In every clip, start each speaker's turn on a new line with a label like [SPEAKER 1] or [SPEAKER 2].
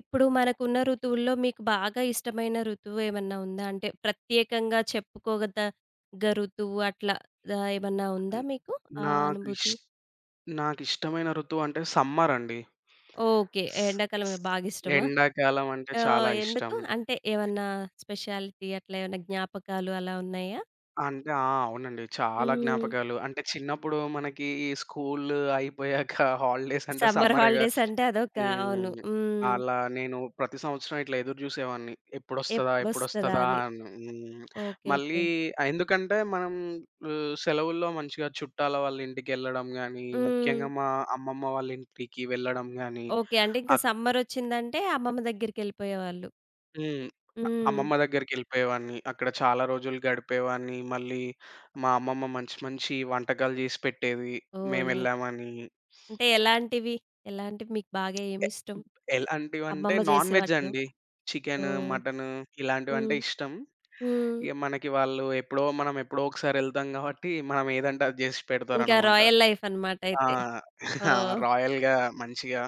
[SPEAKER 1] ఇప్పుడు మనకున్న ఋతువుల్లో మీకు బాగా ఇష్టమైన ఋతువు ఏమన్నా ఉందా? అంటే ప్రత్యేకంగా చెప్పుకోగదగ్గా ఋతువు అట్లా దా ఏమన్నా ఉందా
[SPEAKER 2] అన్
[SPEAKER 1] మీకు ఆ
[SPEAKER 2] నాకిష్
[SPEAKER 1] అనుభూతి?
[SPEAKER 2] నాకిష్టమైన ఋతువంటే సమ్మర్ అండి.
[SPEAKER 1] ఓకె. ఎ
[SPEAKER 2] స్ స్
[SPEAKER 1] ఎండాకాలమే బాగిష్టమా?
[SPEAKER 2] ఎండాకాలం అంటే
[SPEAKER 1] ఆహ్,
[SPEAKER 2] చాలా ఇష్టం.
[SPEAKER 1] ఎందుకు? అంటే ఏవన్నా స్పెషాలిటీ అట్లా ఏవన్నా జ్ఞాపకాలు అలా ఉన్నయా?
[SPEAKER 2] అంటే ఆ! అవునండి. చాలా
[SPEAKER 1] హ్మ్.
[SPEAKER 2] జ్ఞాపకాలు. అంటే చిన్నప్పుడు మనకి స్కూలు అయిపోయాక హాలిడేస్ అంటే
[SPEAKER 1] సమ్మర్
[SPEAKER 2] సమ్మరే‌గా!
[SPEAKER 1] హాలిడేస్ అంటే అదొక అవును.
[SPEAKER 2] హ్మ్.
[SPEAKER 1] హ్మ్.
[SPEAKER 2] అలా నేను ప్రతి సంవత్సరం ఇట్లా ఎదురుజూసేవాడిని. ఎప్పుడొస్తదా?
[SPEAKER 1] ఎప్పుడొస్తదా
[SPEAKER 2] ఎప్పుడొస్తదా?
[SPEAKER 1] అని.
[SPEAKER 2] అని. హ్మ్.
[SPEAKER 1] ఓకె.
[SPEAKER 2] మళ్ళీ
[SPEAKER 1] ఓకె.
[SPEAKER 2] ఆహ్, ఎందుకంటే మనం ల్ సెలవుల్లో మంచిగా చుట్టాల వాళ్ళ ఇంటికెళ్ళడం గాని,
[SPEAKER 1] హ్మ్.
[SPEAKER 2] ముఖ్యంగా మా అమ్మమ్మ వాళ్ళ ఇంటికి వెళ్ళడం గాని,
[SPEAKER 1] ఓకె. అంటే ఇంక
[SPEAKER 2] అక్
[SPEAKER 1] సమ్మర్ వోచ్చిందంటే అమ్మమ్మ దగ్గరికెళ్ళిపోయేవాళ్ళు.
[SPEAKER 2] హ్మ్. అ
[SPEAKER 1] హ్మ్.
[SPEAKER 2] అమ్మమ్మ దగ్గరికెళ్ళిపోయేవాన్ని. అక్కడ చాలా రోజులు గడిపేవాన్ని. మళ్ళీ మా అమ్మమ్మ మంచి మంచి వంటకాలు జేసి పెట్టేది
[SPEAKER 1] ఓహ్!
[SPEAKER 2] మేం
[SPEAKER 1] నైస్.
[SPEAKER 2] యేళ్ళామని.
[SPEAKER 1] అంటే ఎలాంటివి? ఎలాంటివి మీకు బాగా
[SPEAKER 2] ఎ
[SPEAKER 1] ఏమిష్టం
[SPEAKER 2] ఎలాంటివంటే,
[SPEAKER 1] అమ్మమ్మ
[SPEAKER 2] నాన్
[SPEAKER 1] జేసే
[SPEAKER 2] వెజ్
[SPEAKER 1] వాటిలో?
[SPEAKER 2] అండి. చికెను,
[SPEAKER 1] ఓహ్!
[SPEAKER 2] మటను ఇలాంటివంటే
[SPEAKER 1] హ్మ్.
[SPEAKER 2] ఇష్టం.
[SPEAKER 1] హ్మ్.
[SPEAKER 2] ఇగ మనకి వాళ్ళు ఎప్పుడో మనం ఎప్పుడో ఒకసారి ఎళ్తాం గాబట్టి, మనం ఏదంటే అది జేసి
[SPEAKER 1] ఇంక
[SPEAKER 2] పెడతారనమాట.
[SPEAKER 1] రాయల్ లైఫ్ అనమాట
[SPEAKER 2] ఆ!
[SPEAKER 1] అయితే.
[SPEAKER 2] ఆ!
[SPEAKER 1] ఓహ్!
[SPEAKER 2] రాయల్‌గా, మంచిగా,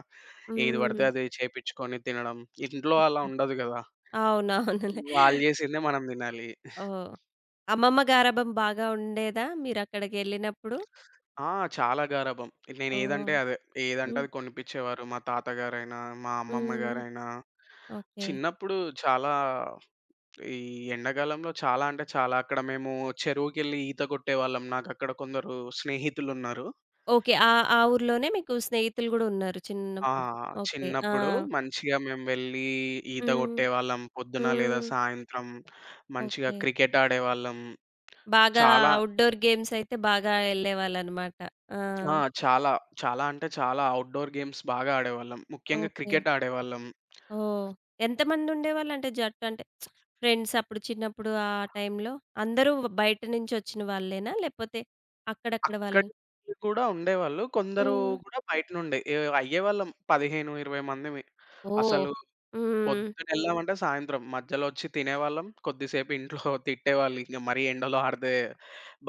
[SPEAKER 2] ఏది పడితే
[SPEAKER 1] హ్మ్.
[SPEAKER 2] అది చేపిచ్చుకొని తినడం. ఇంట్లో అలా
[SPEAKER 1] ఓకె.
[SPEAKER 2] ఉండదు గదా!
[SPEAKER 1] అవునవునులే.
[SPEAKER 2] వాళ్ళు జేసిందే మనం తినాలి.
[SPEAKER 1] ఓహ్! అమ్మమ్మ గారాబం బాగా ఉండేదా మీరక్కడికెళ్ళినప్పుడు?
[SPEAKER 2] ఆ! చాలా గారాబం.
[SPEAKER 1] ఓహ్!
[SPEAKER 2] నేనెదంటే అదే. ఏదంటే
[SPEAKER 1] హ్మ్.
[SPEAKER 2] అది కొనిపిచ్చేవారు. మా తాతగారైన, మా
[SPEAKER 1] హ్మ్.
[SPEAKER 2] అమ్మమ్మ‌గారైన.
[SPEAKER 1] ఓకె.
[SPEAKER 2] చిన్నప్పుడు చాలా ఈ ఎండాగాలంలో చాలా అంటే చాలా అక్కడ మేము చెరువుకెళ్ళి ఈత కొట్టేవాళ్ళం. నాకక్కడ కొందరు స్నేహితులున్నారు.
[SPEAKER 1] ఓకె. ఆహ్, ఆ ఊర్లోనే మీకు స్నేహితులు గూడా ఉన్నారు
[SPEAKER 2] ఆ!
[SPEAKER 1] చిన్నప్పుడు. ఓకె. ఆ!
[SPEAKER 2] చిన్నప్పుడు మంచిగా మేము వెళ్ళి ఈత
[SPEAKER 1] హ్మ్.
[SPEAKER 2] గొట్టేవాళ్ళం. పొద్దున, లేదా
[SPEAKER 1] హ్మ్.
[SPEAKER 2] సాయంత్రం మంచిగా
[SPEAKER 1] ఓకె.
[SPEAKER 2] క్రికెట్ ఆడేవాళ్ళం.
[SPEAKER 1] బాగా
[SPEAKER 2] చాలా
[SPEAKER 1] ఔట్‌డోర్ గేమ్స్ అయితే బాగా ఎళ్ళేవాళ్ళన‌మాట. ఆ!
[SPEAKER 2] ఆ! చాలా. చాలా అంటే చాలా. ఔట్‌డోర్ గేమ్స్ బాగా ఆడేవాళ్ళం. ముఖ్యంగా
[SPEAKER 1] ఓకె.
[SPEAKER 2] క్రికెట్ ఆడేవాళ్ళం.
[SPEAKER 1] ఓహ్! ఎంతమంది ఉండేవాళ్ళు అంటే జట్టు అంటే ఫ్రెండ్స్ అప్పుడు చిన్నప్పుడు ఆ టైమ్‌లో? అందరూ బయట నుంచి వచ్చిన వాళ్ళేనా లేపోతే అక్కడక్కడ
[SPEAKER 2] అక్కడ
[SPEAKER 1] వాళ్ళా?
[SPEAKER 2] కూడా ఉండేవాళ్ళు. కొందరు
[SPEAKER 1] హ్మ్.
[SPEAKER 2] కూడా బయట నుండే ఈ అయ్యేవాళ్ళం. 15, 20 మందిమి.
[SPEAKER 1] ఓహ్!
[SPEAKER 2] అసలు
[SPEAKER 1] హ్మ్.
[SPEAKER 2] పొద్దునెళ్ళామంటే సాయంత్రం, మధ్యలో వచ్చి తినేవాళ్ళం. కొద్దిసేపు ఇంట్లో తిట్టేవాళ్ళు. ఇంగ మరీ ఎండలో ఆడితే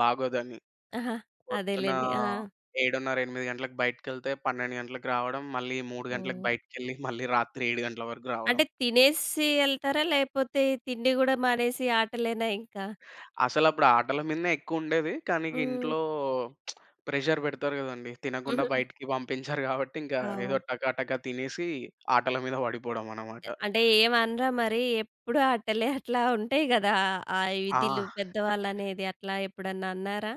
[SPEAKER 2] బాగోదని.
[SPEAKER 1] ఆహా!
[SPEAKER 2] పొద్దున్న
[SPEAKER 1] అదేలేండి. ఆ!
[SPEAKER 2] 7:30, 8:00 గంటలకి బయటికెళ్తే, 12:00 గంటలకి రావడం, మళ్ళీ 3:00 గంటలకి
[SPEAKER 1] ఓహ్!
[SPEAKER 2] బయటకెళ్ళి మళ్ళీ రాత్రి 7:00 గంటల వరకు రావడం.
[SPEAKER 1] అంటే తినేసి ఎళ్తారా? లేపోతే తిండి గూడా మానేసి ఆటలేనా ఇంకా?
[SPEAKER 2] అసలప్పుడు ఆటల మీదనే ఎక్కువుండేది. కానీ ఇగ
[SPEAKER 1] హ్మ్.
[SPEAKER 2] ఇంట్లో ప్రెజర్ పెడతారు గదండీ. తినగుండా
[SPEAKER 1] హుహు.
[SPEAKER 2] బయటికి పంపించ్చరు గాబట్టి, ఇంకా ఏదో
[SPEAKER 1] అవ్
[SPEAKER 2] టకాటకా తినేసి ఆటల మీద బడిపోవడం అనమాట.
[SPEAKER 1] అ అంటే ఏం అనరా? మరి ఎప్పుడు ఆటలే, అట్లా ఉంటయి గదా! ఆ
[SPEAKER 2] ఆ!
[SPEAKER 1] విధులు పెద్దవాళ్ళనేది అట్లా ఎప్పుడన్నా అన్నారా?